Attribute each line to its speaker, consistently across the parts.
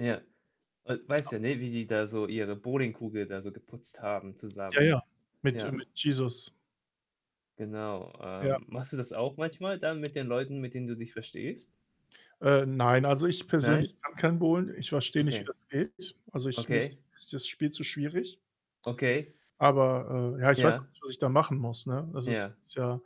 Speaker 1: Ja. We weißt ja, ne, wie die da so ihre Bowlingkugel da so geputzt haben
Speaker 2: Ja,
Speaker 1: zusammen.
Speaker 2: ja, mit äh,
Speaker 1: Ja.
Speaker 2: mit Jesus.
Speaker 1: Genau.
Speaker 2: Ja.
Speaker 1: Ähm, machst du das auch manchmal dann, mit den Leuten, mit denen du dich verstehst?
Speaker 2: Äh, nein, also, ich persönlich
Speaker 1: Nein?
Speaker 2: kann kein Bowlen. Ich verstehe nicht, wie
Speaker 1: Okay.
Speaker 2: das geht. Also, ich mir ist
Speaker 1: Okay.
Speaker 2: ist das Spiel zu schwierig.
Speaker 1: Okay.
Speaker 2: Aber, äh, ja, ich weiß auch
Speaker 1: Ja.
Speaker 2: nicht, was ich da machen muss, ne? Das
Speaker 1: Ja.
Speaker 2: ist ist ja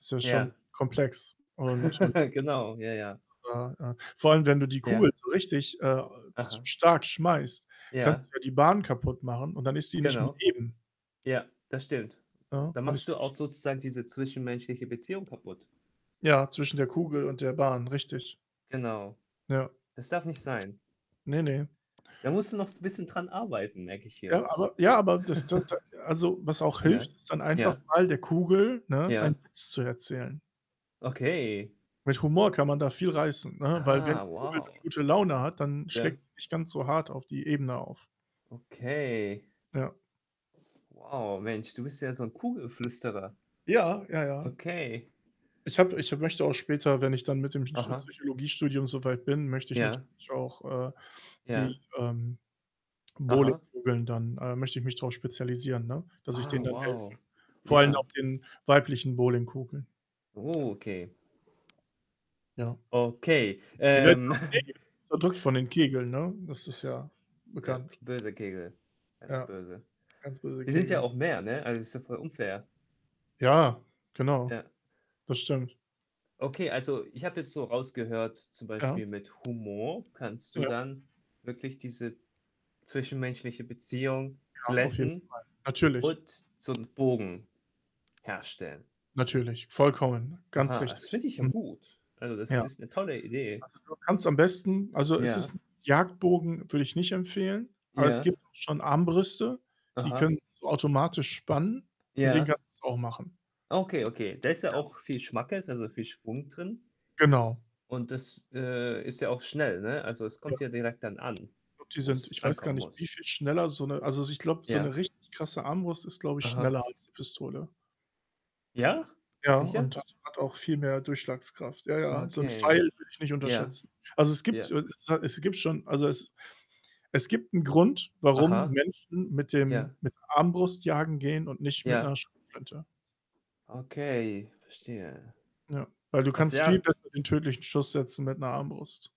Speaker 2: ist ja schon
Speaker 1: Ja.
Speaker 2: komplex. Und, äh,
Speaker 1: Genau. Ja, ja.
Speaker 2: [unintelligible] ja. Vor allem, wenn du die
Speaker 1: Ja.
Speaker 2: Kugel so richtig, äh, s
Speaker 1: Aha.
Speaker 2: stark schmeißt, kannst
Speaker 1: Ja.
Speaker 2: du ja die Bahn kaputtmachen und dann ist sie nicht mehr
Speaker 1: Genau.
Speaker 2: eben.
Speaker 1: Ja, das stimmt.
Speaker 2: Ja,
Speaker 1: Dann
Speaker 2: dann
Speaker 1: machst
Speaker 2: ist die
Speaker 1: du
Speaker 2: nicht
Speaker 1: auch sozusagen diese zwischenmenschliche Beziehung kaputt.
Speaker 2: Ja, zwischen der Kugel und der Bahn, richtig.
Speaker 1: Genau.
Speaker 2: Ja.
Speaker 1: Das darf nicht sein.
Speaker 2: Ne, ne.
Speaker 1: Da musst du noch so 'n bisschen dran arbeiten, merke ich hier.
Speaker 2: Ja, aber ja, aber, das dann dann also, was auch
Speaker 1: Ja.
Speaker 2: hilft, ist dann einfach
Speaker 1: Ja.
Speaker 2: mal der Kugel, ne, einen
Speaker 1: Ja.
Speaker 2: Witz zu erzählen.
Speaker 1: Okay.
Speaker 2: Mit Humor kann man da viel reißen, ne? Weil wenn
Speaker 1: Ah,
Speaker 2: die Kugel dann
Speaker 1: wow.
Speaker 2: gute Laune hat, dann
Speaker 1: Ja.
Speaker 2: schlägt sie nicht ganz so hart auf die Ebene auf.
Speaker 1: Okay.
Speaker 2: Ja.
Speaker 1: Wow, Mensch, du bist ja so 'n Kugelflüsterer.
Speaker 2: Ja, ja, ja.
Speaker 1: Okay.
Speaker 2: Ich habe ich möchte auch später, wenn ich dann mit dem Psycho
Speaker 1: Aha.
Speaker 2: Psychologiestudium so weit bin, möchte ich
Speaker 1: Ja.
Speaker 2: natürlich auch, äh, die,
Speaker 1: Ja.
Speaker 2: ähm,
Speaker 1: Aha.
Speaker 2: Bowlingkugeln dann äh, möchte ich mich drauf spezialisieren, ne? Dass ich denen
Speaker 1: Ah,
Speaker 2: dann helfe.
Speaker 1: wow.
Speaker 2: Vor allen
Speaker 1: Ja.
Speaker 2: auch den weiblichen Bowlingkugeln. Ja.
Speaker 1: Oh, okay.
Speaker 2: Ja.
Speaker 1: Okay.
Speaker 2: Die werden ja
Speaker 1: Ähm.
Speaker 2: auch [unintelligible] unterdrückt von den Kegeln, ne? Das ist ja
Speaker 1: Ja,
Speaker 2: bekannt.
Speaker 1: böse Kegel, ganz
Speaker 2: Ja,
Speaker 1: böse.
Speaker 2: ganz böse
Speaker 1: Die sind ja
Speaker 2: Kegel.
Speaker 1: auch mehr, ne? Also, ist ja voll unfair.
Speaker 2: Ja, genau.
Speaker 1: Ja.
Speaker 2: Das stimmt.
Speaker 1: Okay, also, ich habe jetzt so rausgehört, zum
Speaker 2: Ja.
Speaker 1: Beispiel, mit Humor kannst du
Speaker 2: Ja.
Speaker 1: dann wirklich diese zwischenmenschliche Beziehung
Speaker 2: Ja, auf jeden Fall.
Speaker 1: glätten
Speaker 2: Natürlich.
Speaker 1: und so 'n Bogen herstellen.
Speaker 2: Natürlich. Vollkommen. Ganz
Speaker 1: Aha, das
Speaker 2: richtig.
Speaker 1: finde ich ja
Speaker 2: Mhm.
Speaker 1: gut. Also, das
Speaker 2: Ja.
Speaker 1: ist 'ne tolle Idee.
Speaker 2: Also, du kannst am besten also, es
Speaker 1: Ja.
Speaker 2: ist Jagdbogen, würde ich nicht empfehlen. Aber es
Speaker 1: Ja.
Speaker 2: gibt auch schon Armbrüste, die
Speaker 1: Aha.
Speaker 2: können so automatisch spannen. Mit denen
Speaker 1: Ja.
Speaker 2: kannst du's auch machen.
Speaker 1: Okay, okay. Da ist ja
Speaker 2: Ja.
Speaker 1: auch viel Schmackes, also, viel Schwung drin.
Speaker 2: Genau.
Speaker 1: Und das, äh, ist ja auch schnell, ne? Also, es kommt
Speaker 2: Ja.
Speaker 1: ja direkt dann an,
Speaker 2: Und die sind,
Speaker 1: wo's
Speaker 2: ich weiß gar
Speaker 1: ankommen
Speaker 2: nicht, wie
Speaker 1: muss.
Speaker 2: viel schneller so 'ne also, so, ich glaube, so
Speaker 1: Ja.
Speaker 2: 'ne richtig krasse Armbrust ist, glaube ich,
Speaker 1: Aha.
Speaker 2: schneller als die Pistole.
Speaker 1: Ja?
Speaker 2: Ja,
Speaker 1: Sicher?
Speaker 2: und hat hat auch viel mehr Durchschlagskraft. Ja,
Speaker 1: Ah,
Speaker 2: ja, so 'n
Speaker 1: okay.
Speaker 2: Pfeil würde ich nicht
Speaker 1: Ja.
Speaker 2: unterschätzen. Also, es gibt
Speaker 1: Ja.
Speaker 2: äh, es ist halt es gibt schon also, es es gibt 'n Grund, warum
Speaker 1: Aha.
Speaker 2: Menschen mit dem
Speaker 1: Ja.
Speaker 2: mit der Armbrust jagen gehen und nicht mit
Speaker 1: Ja.
Speaker 2: 'ner Schrotflinte.
Speaker 1: Okay, verstehe.
Speaker 2: Ja. Weil du
Speaker 1: Was
Speaker 2: kannst viel
Speaker 1: ja
Speaker 2: besser den tödlichen Schuss setzen mit 'ner Armbrust.